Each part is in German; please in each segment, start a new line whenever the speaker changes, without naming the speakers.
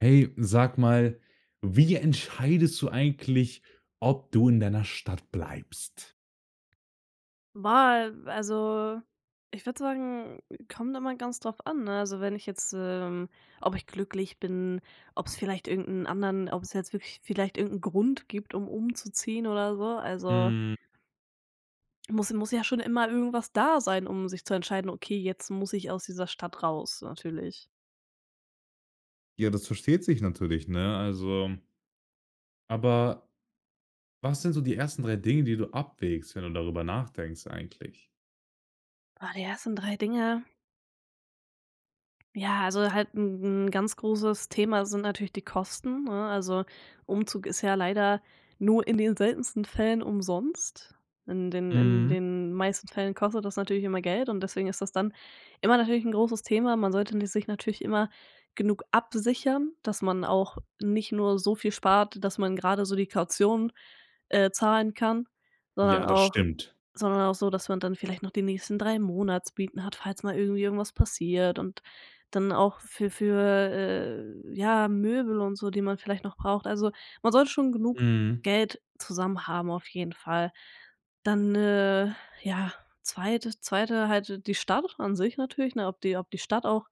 Hey, sag mal, wie entscheidest du eigentlich, ob du in deiner Stadt bleibst?
Boah, also ich würde sagen, kommt immer ganz drauf an, ne, also wenn ich jetzt, ähm ob ich glücklich bin, ob's vielleicht irgend 'n anderen ob's jetzt wirklich vielleicht irgend 'n Grund gibt, um umzuziehen oder so, also
Mhm.
Muss muss ja schon immer irgendwas da sein, um sich zu entscheiden: „Okay, jetzt muss ich aus dieser Stadt raus“, natürlich.
Ja, das versteht sich natürlich, ne? Also aber, was sind so die ersten 3 Dinge, die du abwägst, wenn du darüber nachdenkst, eigentlich?
Ah, die ersten 3 Dinge ja, also, halt 'n 'n ganz großes Thema sind natürlich die Kosten, ne, also, Umzug ist ja leider nur in den seltensten Fällen umsonst. In den in
Mhm.
den meisten Fällen kostet das natürlich immer Geld und deswegen ist das dann immer natürlich 'n großes Thema. Man sollte n sich natürlich immer genug absichern, dass man auch nicht nur so viel spart, dass man grade so die Kaution, äh, zahlen kann, sondern
Ja, das
auch
stimmt.
sondern auch so, dass man dann vielleicht noch die nächsten 3 Monatsmieten hat, falls mal irgendwie irgendwas passiert und dann auch für für, äh, ja, Möbel und so, die man vielleicht noch braucht. Also, man sollte schon genug
Mhm.
Geld zusammen haben auf jeden Fall. Dann äh, ja, zweit 2te halt die Stadt an sich natürlich, ne, ob die ob die Stadt auch,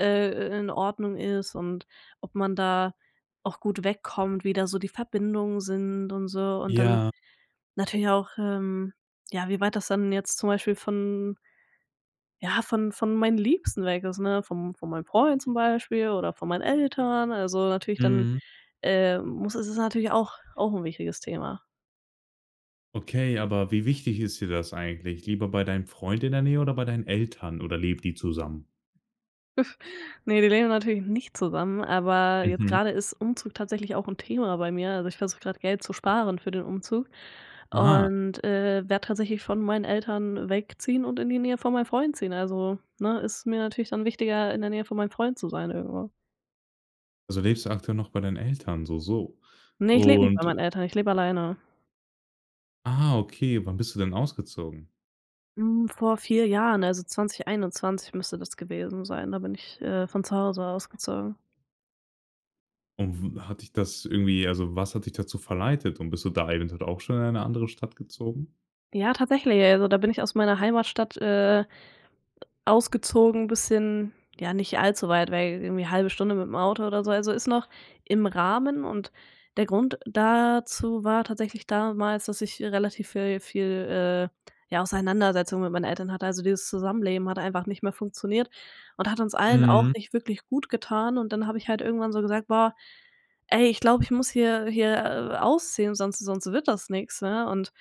äh, i in Ordnung ist und ob man da auch gut wegkommt, wie da so die Verbindungen sind und so und dann
Ja.
natürlich auch, ähm, ja, wie weit das dann jetzt zum Beispiel von ja von von meinen Liebsten weg ist ne, vom von meinen Freund zum Beispiel oder von meinen Eltern, also natürlich dann,
Mhm.
äh, muss es ist natürlich auch auch 'n wichtiges Thema.
Okay, aber wie wichtig ist dir das eigentlich? Lieber bei deinem Freund in der Nähe oder bei deinen Eltern oder lebt ihr zusammen?
Üf, ne, die leben natürlich nicht zusammen, aber jetzt
Mhm.
gerade ist Umzug tatsächlich auch 'n Thema bei mir, also ich versuche gerade Geld zu sparen für den Umzug
Ah.
und, äh, werde tatsächlich von meinen Eltern wegziehen und in die Nähe von meinem Freund ziehen, also ne, ist mir natürlich dann wichtiger, in der Nähe von meinem Freund zu sein irgendwo.
Also lebst du aktuell noch bei deinen Eltern, so, so,
Ne, ich lebe nicht bei
und
meinen Eltern, ich lebe alleine.
Ah, okay, wann bist du denn ausgezogen?
Hm, vor 4 Jahren, also 2021 müsste das gewesen sein, da bin ich, äh, von zu Hause ausgezogen.
Und w hat dich das irgendwie also was hat dich dazu verleitet und bist du da eventuell auch schon in eine andere Stadt gezogen?
Ja, tatsächlich, also da bin ich aus meiner Heimatstadt, äh, ausgezogen, bisschen ja, nicht allzu weit, irgendwie halbe Stunde mit dem Auto oder so, also es ist noch im Rahmen. Und der Grund dazu war tatsächlich damals, dass ich, äh, relativ viel viel, äh, ja, Auseinandersetzungen mit meinen Eltern hatte. Also, dieses Zusammenleben hat einfach nicht mehr funktioniert und hat uns allen auch
Mhm.
nicht wirklich gutgetan und dann habe ich halt irgendwann so gesagt: „Boah ey, ich glaube, ich muss hier hier ausziehen, sonst sonst wird das nix, ne?“ Und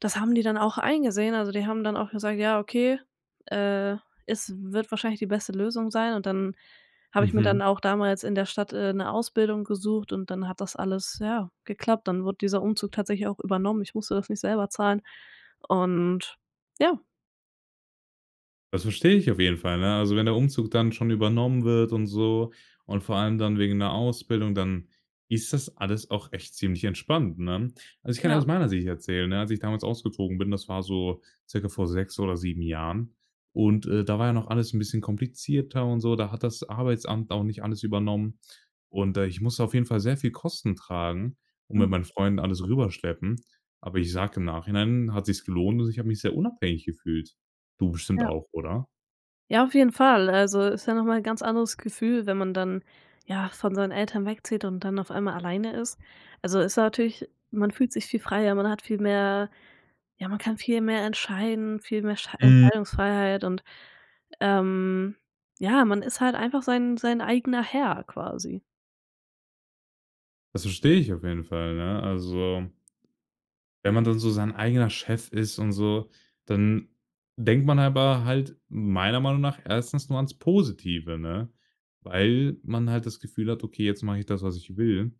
das haben die dann auch eingesehen, also die haben dann auch gesagt: „Ja, okay, äh, es wird wahrscheinlich die beste Lösung sein.“ Und dann habe ich mir
Mhm.
dann auch damals in der Stadt, äh, 'ne Ausbildung gesucht und dann hat das alles, ja, geklappt. Dann wurde dieser Umzug tatsächlich auch übernommen. Ich musste das nicht selber zahlen und ja.
Das verstehe ich auf jeden Fall, ne? Also, wenn der Umzug dann schon übernommen wird und so und vor allem dann wegen 'ner Ausbildung, dann ist das alles auch echt ziemlich entspannt, ne? Also, ich kann ja aus
Ja.
meiner Sicht erzählen, ne? Als ich damals ausgezogen bin, das war so circa vor 6 oder 7 Jahren und, äh, da war ja noch alles 'n bisschen komplizierter und so. Da hat das Arbeitsamt auch nicht alles übernommen und, äh, ich musste auf jeden Fall sehr viel Kosten tragen und mit
Mhm.
meinen Freunden alles rüberschleppen. Aber ich sage im Nachhinein hat sich's gelohnt und ich habe mich sehr unabhängig gefühlt. Du bestimmt
Ja.
auch, oder?
Ja, auf jeden Fall, also, es ist ja noch einmal ein ganz anderes Gefühl, wenn man dann, ja, von seinen Eltern wegzieht und dann auf einmal alleine ist. Also, es ist natürlich man fühlt sich viel freier, man hat viel mehr ja, man kann viel mehr entscheiden, viel mehr schei
Mhm.
Entscheidungsfreiheit, und, ähm, ja, man ist halt einfach sein sein eigener Herr quasi.
Das verstehe ich auf jeden Fall, ja, also wenn man dann so sein eigener Chef ist und so, dann denkt man aber halt meiner Meinung nach erstens nur ans Positive, ne? Weil, man halt das Gefühl hat: „Okay, jetzt mache ich das, was ich will”.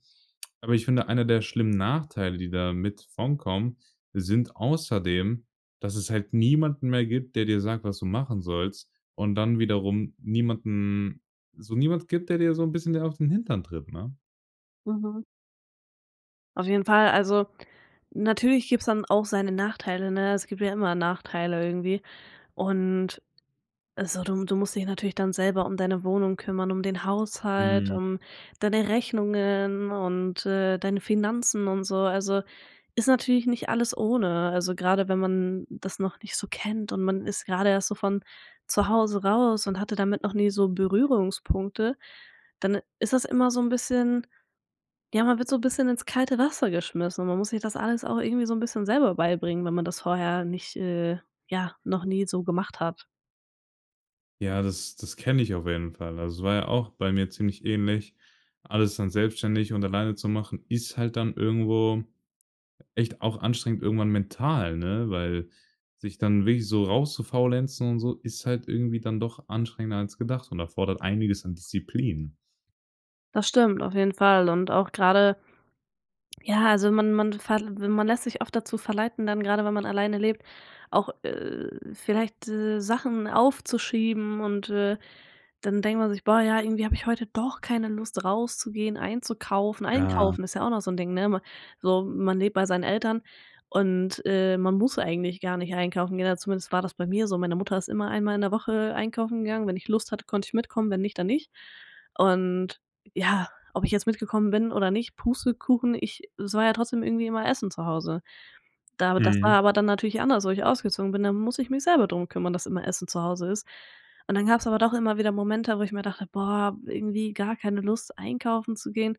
Aber ich finde, einer der schlimmen Nachteile, die damit von kommen, sind außerdem, dass es halt niemanden mehr gibt, der dir sagt, was du machen sollst und dann wiederum niemanden so niemand gibt, der dir so 'n bisschen dir auf den Hintern tritt, ne?
Mhm. Auf jeden Fall. Also, natürlich gibt es dann auch seine Nachteile, ne? Es gibt ja immer Nachteile irgendwie. Und also, du du musst dich natürlich dann selber um deine Wohnung kümmern, um den Haushalt,
Mhm.
um deine Rechnungen und, äh, deine Finanzen und so. Also, ist natürlich nicht alles ohne, also gerade wenn man das noch nicht so kennt und man ist gerade erst so von zu Hause raus und hatte damit noch nie so Berührungspunkte, dann ist das immer so 'n bisschen ja, man wird so 'n bisschen ins kalte Wasser geschmissen, und man muss sich das alles auch irgendwie so 'n bisschen selber beibringen, wenn man das vorher nicht, äh, ja, noch nie so gemacht hat.
Ja, das das kenne ich auf jeden Fall. Also, es war ja auch bei mir ziemlich ähnlich. Alles dann selbstständig und alleine zu machen, ist halt dann irgendwo echt auch anstrengend irgendwann mental. Ne, weil sich dann wirklich so raus zu faulenzen und so, ist halt irgendwie dann doch anstrengender als gedacht und erfordert einiges an Disziplin.
Das stimmt auf jeden Fall und auch gerade, ja, also man man verl man lässt sich oft dazu verleiten dann, gerade wenn man alleine lebt, auch, äh, vielleicht, äh, Sachen aufzuschieben und, äh, dann denkt man sich: „Boah ja, irgendwie habe ich heute doch keine Lust rauszugehen, einzukaufen.“
Ja.
Einkaufen ist ja auch noch so 'n Ding, ne, ma so man lebt bei seinen Eltern und, äh, man muss eigentlich gar nicht einkaufen gehen, also zumindest war das bei mir so. Meine Mutter ist immer einmal in der Woche einkaufen gegangen. Wenn ich Lust hatte, konnte ich mitkommen, wenn nicht, dann nicht. Und ja, ob ich jetzt mitgekommen bin oder nicht, Pustekuchen. Ich soll ja trotzdem irgendwie immer essen zu Hause. Da w das war
Mhm.
aber dann natürlich anders, wo ich ausgezogen bin, dann muss ich mich selber drum kümmern, dass immer Essen zu Hause ist. Und dann gab's aber doch immer wieder Momente, wo ich mir dachte: „Boah, irgendwie gar keine Lust, einkaufen zu gehen.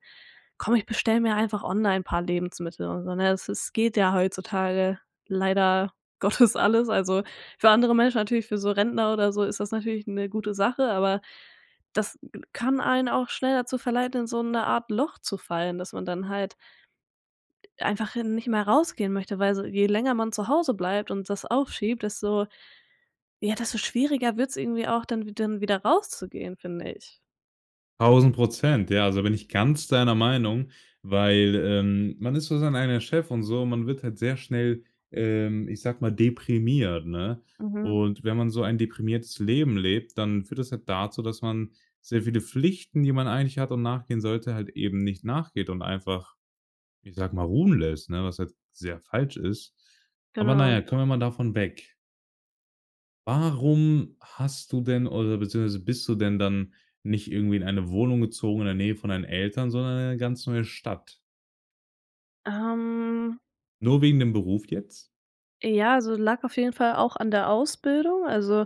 Komm! Ich bestell mir einfach online 'n paar Lebensmittel und so“, ne? Es es geht ja heutzutage leider Gottes alles. Also, für andere Menschen natürlich für so Rentner oder so ist das natürlich 'ne gute Sache, aber das k-kann einen auch schnell dazu verleiten, in so 'ne Art Loch zu fallen, dass man dann halt einfach, äh, nicht mehr rausgehen möchte, weil so je länger man zu Hause bleibt und das aufschiebt, desto ja, desto schwieriger wird's irgendwie auch dann w dann wieder rauszugehen, finde ich.
1.000 %, ja, also ich bin ganz deiner Meinung, weil, ähm man ist so sein eigener Chef und so, man wird halt sehr schnell, ähm, ich sage einmal, deprimiert, ne?
Mhm.
Und wenn man so ein deprimiertes Leben lebt, dann führt das halt dazu, dass man sehr viele Pflichten, die man eigentlich hat und nachgehen sollte, halt eben nicht nachgeht und einfach- ich sage mal- ruhen lässt, ne, was halt sehr falsch ist. Aber na
Genau.
ja, kommen wir einmal davon weg. Warum hast du denn oder beziehungsweise bist du denn dann nicht irgendwie in eine Wohnung gezogen in der Nähe von deinen Eltern, sondern in eine ganz neue Stadt?
Ähm
Nur wegen dem Beruf jetzt?
ja, also lag auf jeden Fall auch an der Ausbildung, also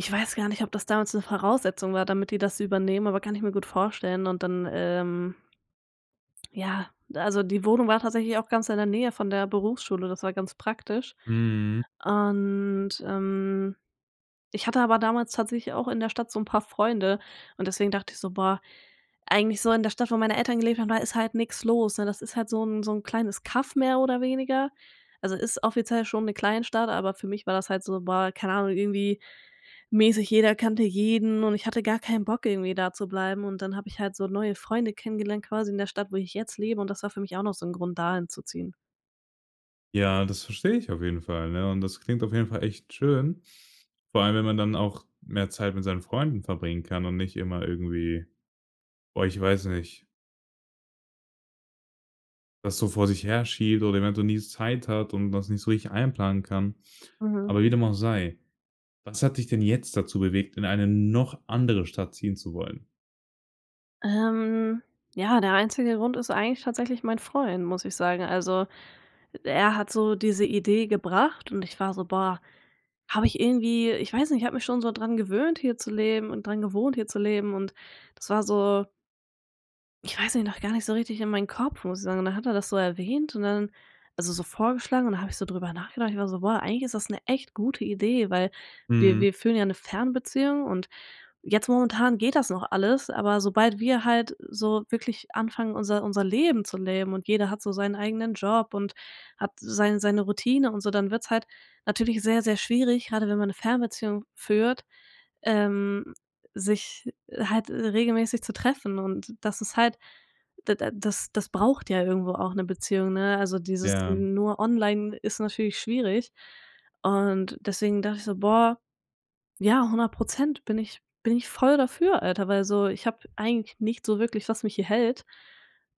ich weiß gar nicht, ob das damals 'ne Voraussetzung war, damit die das übernehmen, aber kann ich mir gut vorstellen und dann ähm ja, also die Wohnung war tatsächlich auch ganz in der Nähe von der Berufsschule, das war ganz praktisch
Mhm.
und, ähm, ich hatte aber damals tatsächlich auch in der Stadt so 'n paar Freunde und deswegen dachte ich so: „Boah, eigentlich so in der Stadt, wo meine Eltern gelebt haben, ist halt nix los“, ne, das ist halt so 'n so 'n kleines Kaff mehr oder weniger. Also, ist offiziell schon 'ne Kleinstadt, aber für mich war das halt so boah, keine Ahnung, irgendwie mäßig jeder kannte jeden und ich hatte gar keinen Bock, irgendwie da zu bleiben und dann habe ich halt so neue Freunde kennengelernt, quasi in der Stadt, wo ich jetzt lebe. Und das war für mich auch noch so 'n Grund, dahin zu ziehen.
Ja, das versteh ich auf jeden Fall, ne? Und das klingt auf jeden Fall echt schön. Vor allem, wenn man dann auch mehr Zeit mit seinen Freunden verbringen kann und nicht immer irgendwie oh, ich weiß nicht was so vor sich her schiebt oder eventuell nie Zeit hat und was nicht so richtig einplanen kann.
Mhm.
Aber wie dem auch sei: Was hat dich denn jetzt dazu bewegt, in eine noch andere Stadt ziehen zu wollen?
Ähm, ja, der einzige Grund ist eigentlich tatsächlich mein Freund, muss ich sagen. Also e er hat so diese Idee gebracht und ich war so: Boah, hab ich irgendwie, ich weiß nicht, ich hab mich schon so dran gewöhnt, hier zu leben und dran gewohnt, hier zu leben und das war so ich weiß nicht, noch gar nicht so richtig in meinen Kopf, muss ich sagen und dann hat er das so erwähnt und dann also, so vorgeschlagen und da hab ich so drüber nachgedacht. Ich war so: „Boah, eigentlich ist das 'ne echt gute Idee“, weil wir
Mhm.
wir führen ja 'ne Fernbeziehung und jetzt momentan geht das noch alles, aber sobald wir halt so wirklich anfangen unser unser Leben zu leben und jeder hat so seinen eigenen Job und hat seinen seine Routine und so, dann wird's halt natürlich sehr, sehr schwierig, grade wenn man eine Fernbeziehung führt, ähm, sich halt regelmäßig zu treffen und das ist halt d da das das braucht ja irgendwo auch 'ne Beziehung, ne? Also dieses
Ja.
nur online ist natürlich schwierig und deswegen dacht ich so: „Boah, ja, 100% bin ich bin ich voll dafür, Alter, weil so ich hab eigentlich nichts so wirklich, was mich hier hält“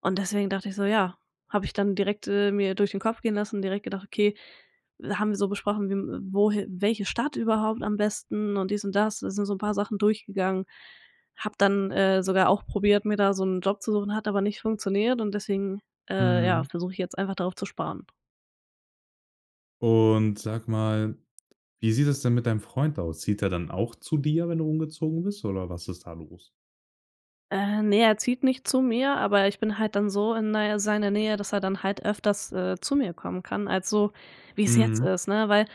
und deswegen dachte ich so, ja, hab ich dann direkt, äh, mir durch den Kopf gehen lassen, direkt gedacht: „Okay“, da haben wir so besprochen, wie w wohi welche Stadt überhaupt am besten und dies und das. Da sind so 'n paar Sachen durchgegangen, hab dann, äh, sogar auch probiert, mir da so 'n Job zu suchen, hat aber nicht funktioniert und deswegen, äh, ja,
Mhm.
versuche ich jetzt einfach darauf zu sparen.
Und, sag mal, wie sieht das denn mit deinem Freund aus? Zieht er dann auch zu dir, wenn du umgezogen bist, oder was ist da los?
Äh, ne, er zieht nicht zu mir, aber ich bin halt dann so in dei seiner Nähe, dass er dann halt öfters, äh, zu mir kommen kann als so wie es jetzt
Mhm.
ist, ne, weil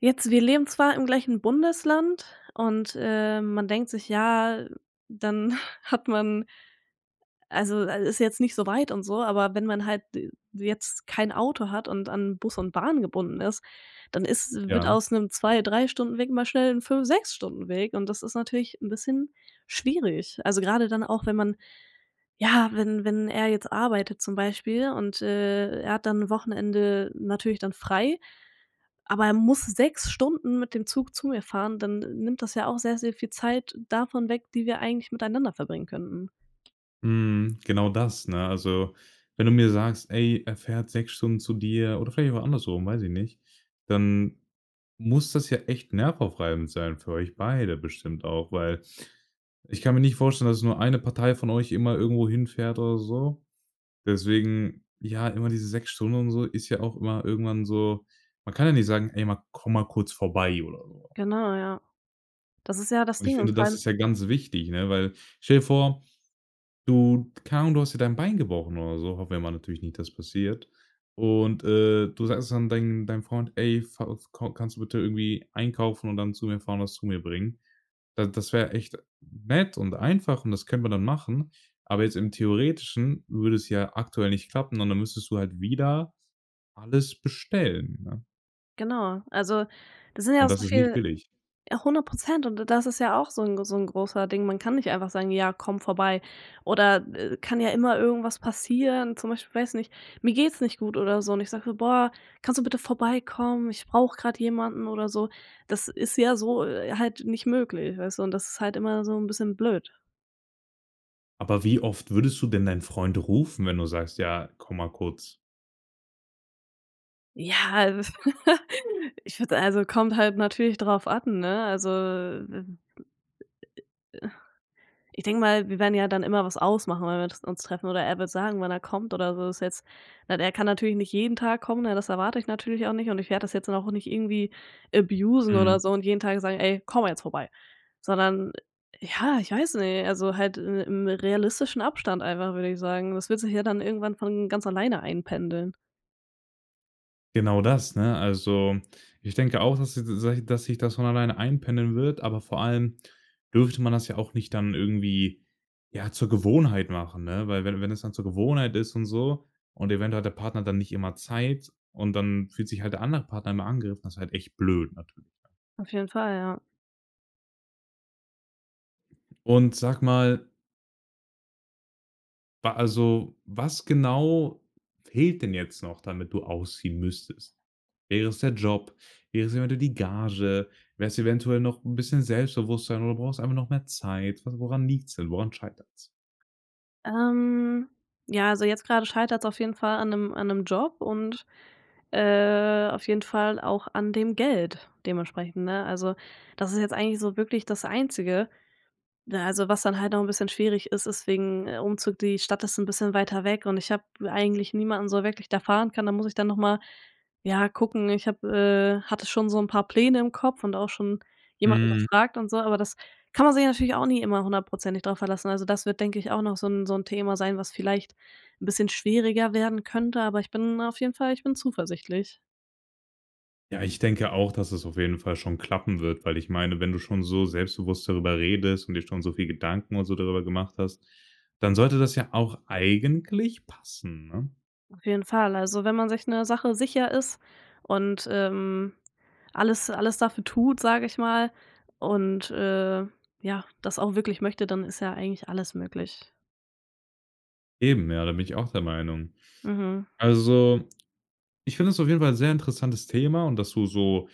jetzt wir leben zwar im gleichen Bundesland, und, äh, man denkt sich, ja, dann hat man also, al ist jetzt nicht so weit und so, aber wenn man halt d jetzt kein Auto hat und an Bus und Bahn gebunden ist, dann ist wird
Ja.
aus 'nem 2, 3 Stunden Weg mal schnell 'n 5, 6 Stunden Weg, und das ist natürlich 'n bisschen schwierig. Also, grade dann auch, wenn man ja, wenn wenn er jetzt arbeitet, zum Beispiel, und, äh, er hat dann 'n Wochenende natürlich dann frei, aber er muss 6 Stunden mit dem Zug zu mir fahren, dann nimmt das ja auch sehr, sehr viel Zeit davon weg, die wir eigentlich miteinander verbringen könnten.
Mhm. Genau das, ne? Also, wenn du mir sagst: „Ey, er fährt 6 Stunden zu dir“ oder vielleicht auch andersrum, weiß ich nicht dann muss das ja echt nervaufreibend sein, für euch beide bestimmt auch, weil ich kann mir nicht vorstellen, dass es nur 1 Partei von euch immer irgendwo hinfährt oder so. Deswegen ja, immer diese 6 Stunden und so ist ja auch immer irgendwann so. Man kann ja nicht sagen: „Ey ma komm mal kurz vorbei!" oder so.
Genau, ja. Das ist ja das
Und ich
Ding,
finde,
und vor
das
allem
ist ja ganz wichtig, ne, weil; Stell dir vor, du- keine Ahnung- du hast dir dein Bein gebrochen oder so- hoffen wir ja mal natürlich nicht, dass es passiert- und, äh, du sagst dann deinen deinem Freund: „Ey, fa f ko kannst du bitte irgendwie einkaufen und dann zu mir fahren, was zu mir bringen?" Da das wär echt nett und einfach und das können wir dann machen. Aber jetzt im Theoretischen würde es ja aktuell nicht klappen, und dann müsstest du halt wieder alles bestellen, ne?
Genau, also, das sind ja
Und
auch
das
so
ist nicht
viel
billig.
Ja, 100 %, und das ist ja auch so 'n g so 'n großer Ding. Man kann nicht einfach sagen: „Ja, komm vorbei." Oder, äh, kann ja immer irgendwas passieren, zum Beispiel, weiß nicht, mir geht's nicht gut oder so, und ich sag so: „Boah, kannst du bitte vorbeikommen? Ich brauche grad jemanden." oder so. Das ist ja so, äh, halt nicht möglich, weißt du, und das ist halt immer so 'n bisschen blöd.
Aber wie oft würdest du denn deinen Freund rufen, wenn du sagst: „Ja, komm mal kurz?"
Ja, ich würde also kommt halt natürlich drauf an, ne? Also, ich denke mal, wir werden ja dann immer was ausmachen, weil wir das uns treffen oder er wird sagen, wann er kommt oder so, ist ja jetzt weil, er kann natürlich nicht jeden Tag kommen, ne, das erwarte ich natürlich auch nicht und ich werde das jetzt dann auch nicht irgendwie abusen oder
Mhm.
so und jeden Tag sagen: „Ey komm jetzt vorbei." sondern ja, ich weiß nicht, also halt im im realistischen Abstand einfach, würde ich sagen, das wird sich ja dann irgendwann von ganz alleine einpendeln.
Genau das, ne? Also, ich denke auch, dass si sage ich dass sich das von alleine einpendeln wird, aber vor allem dürfte man das ja auch nicht dann irgendwie, ja, zur Gewohnheit machen, ne, weil wenn wenn es dann zur Gewohnheit ist und so, und eventuell hat der Partner dann nicht immer Zeit und dann fühlt sich halt der andere Partner immer angegriffen, das ist halt echt blöd natürlich.
Auf jeden Fall, ja.
Und sag mal Ba also was genau fehlt denn jetzt noch, damit du ausziehen müsstest? Wäre es der Job? Wäre es eventuell die Gage? Wäre's eventuell noch 'n bisschen Selbstbewusstsein oder brauchst einfach noch mehr Zeit? Was woran liegt's denn? Woran scheitert's?
Ähm, ja, also jetzt grade scheitert's auf jeden Fall an 'nem an 'nem Job und, äh, auf jeden Fall auch an dem Geld dementsprechend, ne? Also, das ist jetzt eigentlich so wirklich das Einzige. Na, also was dann halt auch 'n bisschen schwierig ist, ist wegen Umzug, die Stadt ist 'n bisschen weiter weg, und ich hab eigentlich niemanden so wirklich, der fahren kann. Da muss ich dann noch mal, ja, gucken. Ich hab äh, hatte schon so 'n paar Pläne im Kopf und auch schon jemanden
Mhm.
gefragt und so, aber das kann man sich natürlich auch nie immer 100 % drauf verlassen. Also das wird, denke ich, auch noch so 'n so 'n Thema sein, was vielleicht 'n bisschen schwieriger werden könnte, aber ich bin auf jeden Fall ich bin zuversichtlich.
Ja, ich denke auch, dass es auf jeden Fall schon klappen wird, weil ich meine, wenn du schon so selbstbewusst darüber redest und dir schon so viel Gedanken und so darüber gemacht hast, dann sollte das ja auch eigentlich passen, ne?
Auf jeden Fall, also wenn man sich 'ner Sache sicher ist und, ähm, alles alles dafür tut, sag ich mal, und, äh, ja, das auch wirklich möchte, dann ist ja eigentlich alles möglich.
Eben, ja, da bin ich auch der Meinung.
Mhm.
Also, ich finde das auf jeden Fall 'n sehr interessantes Thema, und dass du so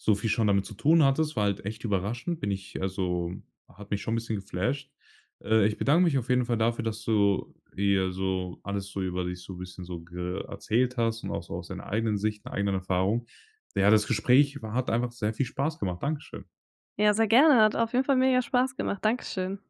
so viel schon damit zu tun hattest, war halt echt überraschend. Bin ich also, hat mich schon 'n bisschen geflasht. Äh, ich bedank mich auf jeden Fall dafür, dass du hier so alles so über dich so bisschen so ge erzählt hast und auch so aus deiner eigenen Sicht, 'ner eigenen Erfahrung. Ja, das Gespräch war hat einfach sehr viel Spaß gemacht. Dankeschön.
Ja, sehr gerne. Hat auf jeden Fall mega Spaß gemacht. Dankeschön.